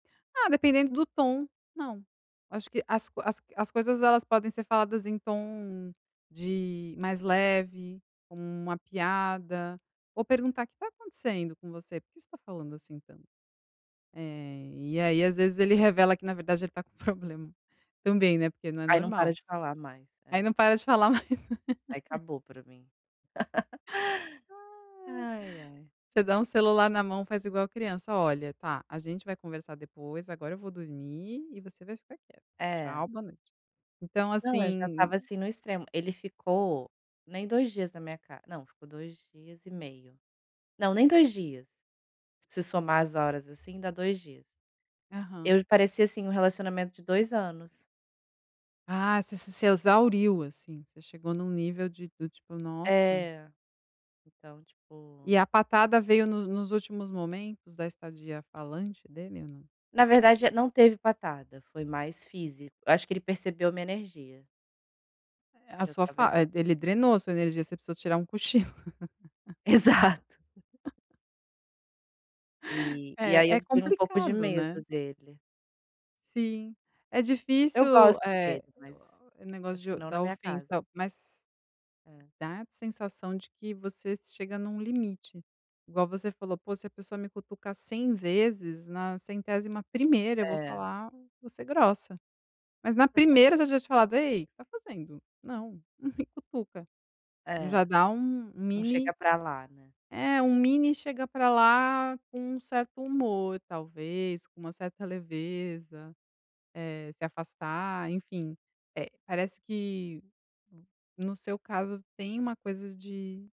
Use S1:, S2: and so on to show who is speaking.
S1: Ah, dependendo do tom, não. Acho que as as as coisas, elas podem ser faladas em tom de mais leve, como uma piada, ou perguntar: "O que tá acontecendo com você, por que você tá falando assim tanto?". Eh, e aí às vezes ele revela que na verdade ele tá com problema também, né, porque não é
S2: Aí não
S1: normal.
S2: para de falar mais, é.
S1: Aí não para de falar mais.
S2: Aí acabou para mim.
S1: Ai.
S2: Ai, ai.
S1: Você dá um celular na mão, faz igual criança: "Olha, tá, a gente vai conversar depois, agora eu vou dormir e você vai ficar quieto.
S2: É.
S1: Tchau, boa noite". Então
S2: Não, eu já
S1: assim
S2: estava assim no extremo. Ele ficou nem 2 dias na minha ca não, ficou 2 dias e meio. Não, nem 2 dias. Se somar as horas, assim, dá 2 dias.
S1: Aham.
S2: Eu parecia assim, um relacionamento de 2 anos.
S1: Ah, você se exauriu, assim, você chegou num nível de do tipo: "Nossa".
S2: É. Então, tipo
S1: E a patada veio no nos últimos momentos da estadia falante dele ou não?
S2: Na verdade não teve patada, foi mais físico acho que ele percebeu minha energia.
S1: Eh, a
S2: Que eu
S1: sua
S2: estava
S1: fa
S2: exa
S1: eh, ele drenou a sua energia, você precisou tirar um cochilo.
S2: Exato. E e aí
S1: É,
S2: eu
S1: é
S2: tenho um pouco de
S1: complicado, né.
S2: medo dele.
S1: Sim. É
S2: Eu
S1: difícil,
S2: gosto
S1: eh,
S2: dele, mas
S1: o
S2: acho que
S1: negócio de
S2: não na
S1: da
S2: minha casa.
S1: ofensa, mas
S2: É.
S1: dá sensação de que vocês chega num limite. Igual você falou: "Pô, se a pessoa me cutuca 100 vezes, na 101ª eu vou
S2: É.
S1: falar vou ser grossa". Mas na primeira você já tinha falado: "Ei, o que você está fazendo? Não, não me cutuca". Já
S2: É.
S1: dá um
S2: Um
S1: mini
S2: chega para lá, né.
S1: É, um mini chega para lá com um certo humor talvez, com uma certa leveza. Eh, se afastar enfim, eh, parece que, no seu caso, tem uma coisa de